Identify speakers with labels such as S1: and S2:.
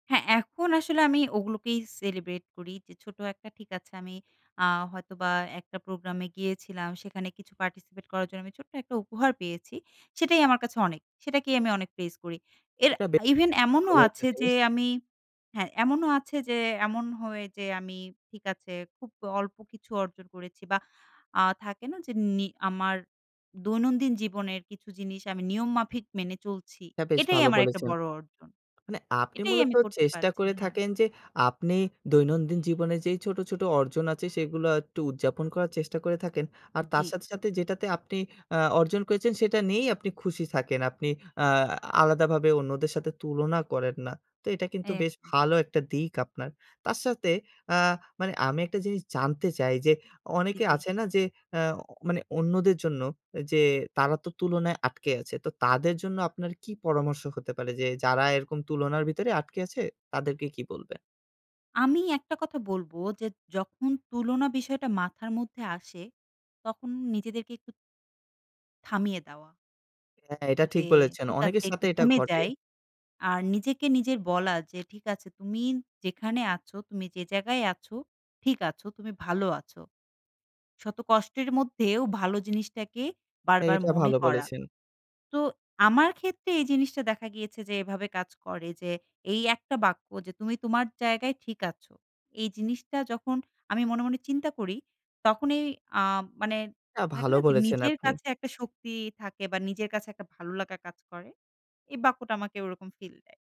S1: হ্যাঁ এখন আসলে আমি ওগুলোকেই celebrate করি, যে ছোটো একটা ঠিক আছে। আমি আ হয়তোবা একটা প্রোগ্রামে গিয়েছিলাম সেখানে কিছু participate করার জন্য আমি ছোট্ট একটা উপহার পেয়েছি, সেটাই আমার কাছে অনেক। সেটাকেই আমি অনেক প্রেইজ করি এর
S2: এটা বেশ
S1: even এমনও
S2: ভালো একটা
S1: আছে, যে
S2: জিনিস।
S1: আমি হ্যাঁ এমনও আছে যে এমন হয়ে যে, আমি ঠিক আছে, খুব অল্প কিছু অর্জন করেছি বা আ থাকে না যে? নি আমার দৈনন্দিন জীবনের কিছু জিনিস আমি নিয়ম মাফিক মেনে চলছি।
S2: হ্যাঁ বেশ
S1: এটাই
S2: ভালো
S1: আমার একটা
S2: বলেছেন।
S1: বড় অর্জন,
S2: মানে আপনি
S1: এটাই
S2: মূলত
S1: আমি করতে
S2: চেষ্টা
S1: পারছি,
S2: করে
S1: হ্যাঁ।
S2: থাকেন যে, আপনি দৈনন্দিন জীবনে যেই ছোট, ছোট অর্জন আছে সেগুলা একটু উদযাপন করার চেষ্টা করে থাকেন। আর তার
S1: জ্বি।
S2: সাথে, সাথে যেটাতে আপনি আ অর্জন করেছেন সেটা নিয়েই আপনি খুশি থাকেন। আপনি আ আলাদাভাবে অন্যদের সাথে তুলনা করেন না। তো এটা কিন্তু বেশ
S1: একদম
S2: ভালো একটা দিক আপনার। তার সাথে আ মানে আমি একটা জিনিস জানতে চাই, যে
S1: জ্বি,
S2: অনেকে
S1: জি।
S2: আছে না? যে আ মানে অন্যদের জন্য যে তারা তো তুলনায় আটকে আছে। তো তাদের জন্য আপনার কি পরামর্শ হতে পারে? যে যারা এরকম তুলনার ভিতরে আটকে আছে তাদেরকে কি বলবেন?
S1: আমি একটা কথা বলবো, যে যখন তুলনা বিষয়টা মাথার মধ্যে আসে তখন নিজেদেরকে একটু থামিয়ে দেওয়া
S2: হ্যাঁ এটা ঠিক
S1: যে
S2: বলেছেন।
S1: ঠিক আছে
S2: অনেকের
S1: একটু
S2: সাথে এটা
S1: থেমে
S2: ঘটে।
S1: যাই। আর নিজেকে নিজের বলা যে, ঠিক আছে তুমি যেখানে আছো তুমি যে জায়গায় আছো ঠিক আছো, তুমি ভালো আছো। শত কষ্টের মধ্যেও ভালো জিনিসটাকে বার, বার
S2: এটা
S1: মনে
S2: ভালো
S1: করা।
S2: বলেছেন।
S1: তো আমার ক্ষেত্রে এই জিনিসটা দেখা গিয়েছে যে এভাবে কাজ করে, যে এই একটা বাক্য যে তুমি তোমার জায়গায় ঠিক আছো। এই জিনিসটা যখন আমি মনে, মনে চিন্তা করি, তখনই আ মানে,
S2: না,
S1: থাকে
S2: ভালো
S1: না? যে
S2: বলেছেন
S1: নিজের
S2: আপনি।
S1: কাছে একটা শক্তি থাকে বা নিজের কাছে একটা ভালো লাগা কাজ করে। এই বাক্যটা আমাকে ওরকম feel দেয়।